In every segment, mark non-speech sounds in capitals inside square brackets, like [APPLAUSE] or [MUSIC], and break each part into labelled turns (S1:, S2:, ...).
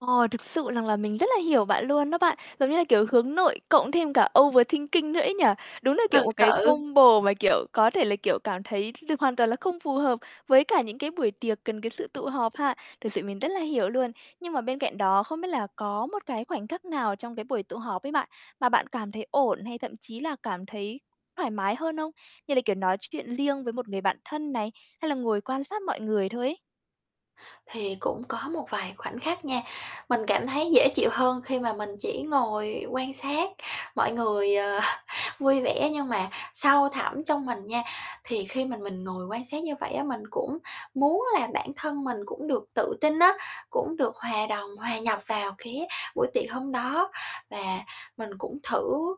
S1: Ờ, thực sự rằng là mình rất là hiểu bạn luôn đó bạn. Giống như là kiểu, hướng nội cộng thêm cả overthinking nữa ấy nhỉ. Đúng là kiểu
S2: Thật
S1: một cái
S2: sự.
S1: combo mà, kiểu, có thể là, kiểu, cảm thấy th hoàn toàn là không phù hợp với cả những cái buổi tiệc cần cái sự tụ họp ha. Thực sự mình rất là hiểu luôn. Nhưng mà bên cạnh đó không biết là có một cái khoảnh khắc nào trong cái buổi tụ họp ấy bạn, mà bạn cảm thấy ổn hay thậm chí là cảm thấy thoải mái hơn không? Như là, kiểu, nói chuyện riêng với một người bạn thân này? Hay là ngồi quan sát mọi người thôi ấy?
S2: Thì cũng có một vài khoảnh khắc nha. Mình cảm thấy dễ chịu hơn khi mà mình chỉ ngồi quan sát mọi người, ờ, vui vẻ, nhưng mà sâu thẳm trong mình nha thì khi mà mình ngồi quan sát như vậy á, mình cũng muốn là bản thân mình cũng được tự tin á, cũng được hòa đồng, hòa nhập vào cái buổi tiệc hôm đó. Và mình cũng thử,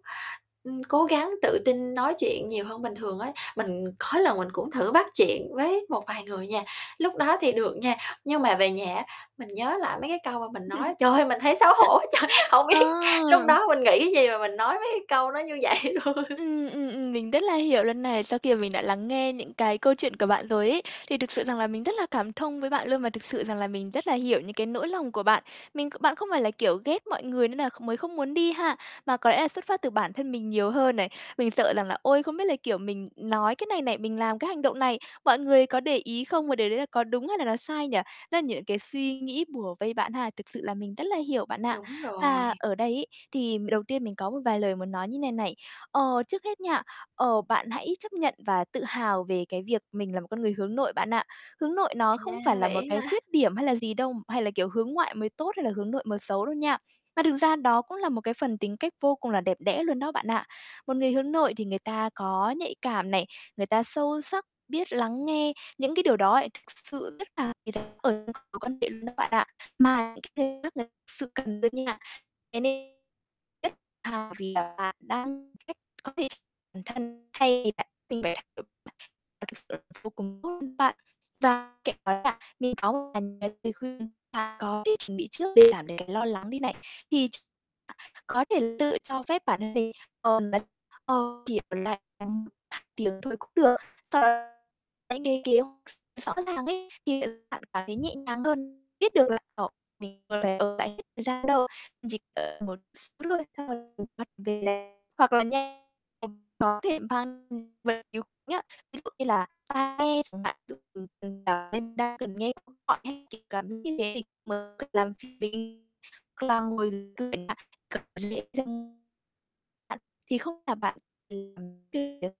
S2: ừm, cố gắng tự tin nói chuyện nhiều hơn bình thường á. Mình có lần mình cũng thử bắt chuyện với một vài người nha lúc đó thì được nha, nhưng mà về nhà, á, mình nhớ lại mấy cái câu mà mình nói, trời ơi mình thấy xấu hổ quá trời.
S1: [LAUGHS]
S2: Hổng biết lúc
S1: Ờ.
S2: đó mình nghĩ cái gì mà mình nói mấy cái câu nó như vậy luôn? [LAUGHS]
S1: Ừm, ừm, ừm, mình rất là hiểu luôn này. Sau khi mà mình đã lắng nghe những cái câu chuyện của bạn rồi ấy, thì thực sự rằng là mình rất là cảm thông với bạn luôn và thực sự rằng là mình rất là hiểu những cái nỗi lòng của bạn. Mình kh bạn không phải là kiểu ghét mọi người nên nà kh mới không muốn đi ha, mà có lẽ là xuất phát từ bản thân mình nhiều hơn này, mình sợ rằng là "Ôi không biết là, kiểu, mình nói cái này này, mình làm cái hành động này, mọi người có để ý không? Và điều đấy là có đúng hay là nó sai nhỉ?" Tức là nh cái suy nghĩ bủa vây bạn ha, thực sự là mình rất là hiểu bạn ạ.
S2: Đúng rồi.
S1: Và ở đây ấy, thì m đầu tiên mình có một vài lời nói như thế này này, ờ, trước hết nha, ờ, bạn hãy chấp nhận và tự hào về cái việc mình là một con người hướng nội bạn ạ. Hướng nội nó không
S2: À,
S1: phải là một
S2: vậy
S1: cái
S2: hả?
S1: khuyết điểm hay là gì đâu, hay là, kiểu, hướng ngoại mới tốt hay là hướng nội mới xấu đâu nha. Mà thực ra đó cũng là một cái phần tính cách vô cùng là đẹp đẽ luôn đó bạn ạ. Một người hướng nội thì người ta có nhạy cảm này, người ta sâu sắc, biết lắng nghe những cái điều đó thực sự rất là mối quan hệ luôn đó bạn ạ. Mà những cái khác lại thực sự cần đó nha. Thế nên rất hào vì là bạn đang giúp có thể bản thân thay vì bạn mình phải [UNINTELLIGIBLE] vô cùng tốt luôn bạn. Và kể cả là mình có một vài lời khuyên, ta có để chuẩn bị trước để giảm cái lo lắng đi này. Thì ch có thể tự cho phép bản thân mình, ờ, kiểu là, ừ, tiếng thôi cũng được. Sau cái cái kiểu rõ ràng ấy thì, ờ, bạn cảm thấy nhẹ nhàng hơn, biết được là, ờ, mình còn lại, ờ, hết thời gian đâu, chỉ cần một xíu thôi, xong là hoặc về là hoặc là nhanh thì có thể [UNINTELLIGIBLE] nhá, ví dụ như là tai nghe chẳng hạn [UNINTELLIGIBLE] nên đa phần nghe cũng gọn ấy, chỉ cắm như thế thì mới tự làm [UNINTELLIGIBLE] cực dễ dừng. Bạn thì không là bạn [UNINTELLIGIBLE]